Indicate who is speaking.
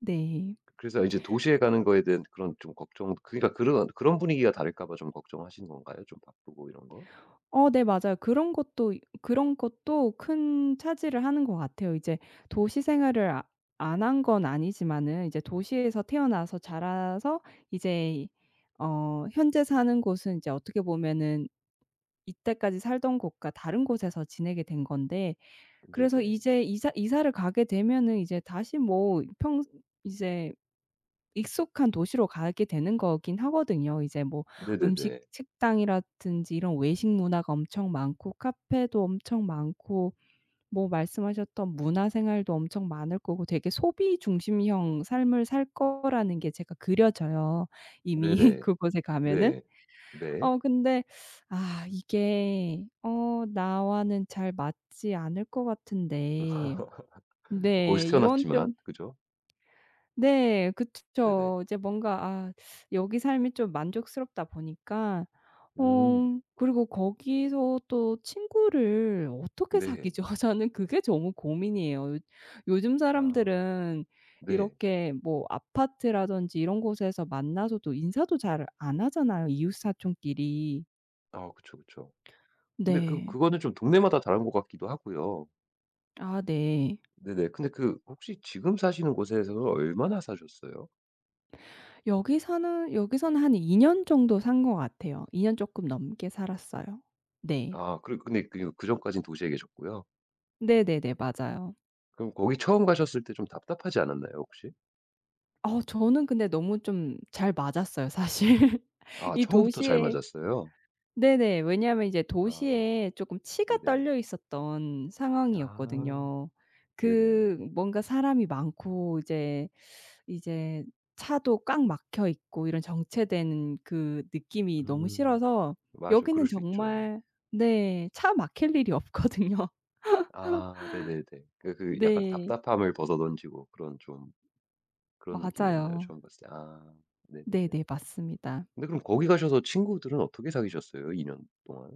Speaker 1: 네.
Speaker 2: 그래서 이제 도시에 가는 거에 대한 그런 좀 걱정 그러니까 그런 그런 분위기가 다를까 봐 좀 걱정하시는 건가요, 좀 바쁘고 이런 거?
Speaker 1: 어 네 맞아요. 그런 것도 그런 것도 큰 차지를 하는 것 같아요. 이제 도시 생활을 아 안 한 건 아니지만은 도시에서 태어나서 자라서 이제 이 어 현재 사는 곳은 이제 어떻게 보면은 이때까지 살던 곳과 다른 곳에서 지내게 된 건데 그래서
Speaker 2: 네네.
Speaker 1: 이제 이사 이사를 가게 되면은 이제 다시 뭐 평 이제 익숙한 도시로 가게 되는 거긴 하거든요. 이제 뭐 음식
Speaker 2: 네네네.
Speaker 1: 식당이라든지 이런 외식 문화가 엄청 많고 카페도 엄청 많고 뭐 말씀하셨던 문화생활도 엄청 많을 거고 되게 소비 중심형 삶을 살 거라는 게 제가 그려져요 이미
Speaker 2: 네네.
Speaker 1: 그곳에 가면은.
Speaker 2: 네. 네.
Speaker 1: 어 근데 아 이게 어 나와는 잘 맞지 않을 것 같은데 네
Speaker 2: 거기서
Speaker 1: 이런
Speaker 2: 태어났지만.
Speaker 1: 좀
Speaker 2: 그죠?
Speaker 1: 네. 그츠
Speaker 2: 네네.
Speaker 1: 쵸. 이제 뭔가 아 여기 삶이 좀 만족스럽다 보니깐
Speaker 2: 음.
Speaker 1: 어 그리고 거기서 또 친구를 어떻게
Speaker 2: 네.
Speaker 1: 사귀죠? 저는 그게 너무 고민이에요. 요즘
Speaker 2: 아.
Speaker 1: 사람들은
Speaker 2: 네.
Speaker 1: 이렇게 뭐 아파트라든지 이런 곳에서 만나서도 인사도 잘 안 하잖아요, 이웃사촌끼리.
Speaker 2: 아 그쵸, 그쵸. 근데 그
Speaker 1: 네.
Speaker 2: 그거는 좀 동네마다 다른 것 같기도 하고요.
Speaker 1: 아 네.
Speaker 2: 네네. 근데 그 혹시 지금 사시는 곳에서는 얼마나 사셨어요?
Speaker 1: 여기서는, 여기서는 한 2 년 정도 산 거 같아요. 2 년 쪼끔 넘게 살았어요. 네.
Speaker 2: 아 그리고 근데 그러면 그전까지는 도시에 계셨고요?
Speaker 1: 네네네. 맞아요.
Speaker 2: 그럼 거기 처음 가셨을 때 좀 답답하지 않았나요, 혹시?
Speaker 1: 어 저는 근데 너무 좀 잘 맞았어요 사실.
Speaker 2: 아
Speaker 1: 이
Speaker 2: 처음부터 잘
Speaker 1: 도시에
Speaker 2: 맞았어요?
Speaker 1: 네네 왜냐면 이제
Speaker 2: 아.
Speaker 1: 도시에 쪼끔 치가
Speaker 2: 네네.
Speaker 1: 떨려 있었던
Speaker 2: 아.
Speaker 1: 상황이었거든요.
Speaker 2: 네네.
Speaker 1: 그 뭔가 사람이 많고 이제, 이제 차도 꽉 막혀 있고 이런 정체된 그 느낌이 너무
Speaker 2: 음
Speaker 1: 싫어서
Speaker 2: 맞아요. 그럴
Speaker 1: 여기는
Speaker 2: 수 있죠.
Speaker 1: 정말 네 차 막힐 일이 없거든요.
Speaker 2: 아 네네네. 그러니까 그 약간
Speaker 1: 네.
Speaker 2: 답답함을 벗어던지고 그런 좀 그런 느낌이었나요,
Speaker 1: 맞아요.
Speaker 2: 처음 갔을 때? 아 네네네.
Speaker 1: 네네 맞습니다.
Speaker 2: 근데 그럼 거기 가셔서 친구들은 어떻게 사귀셨어요, 2 년 동안?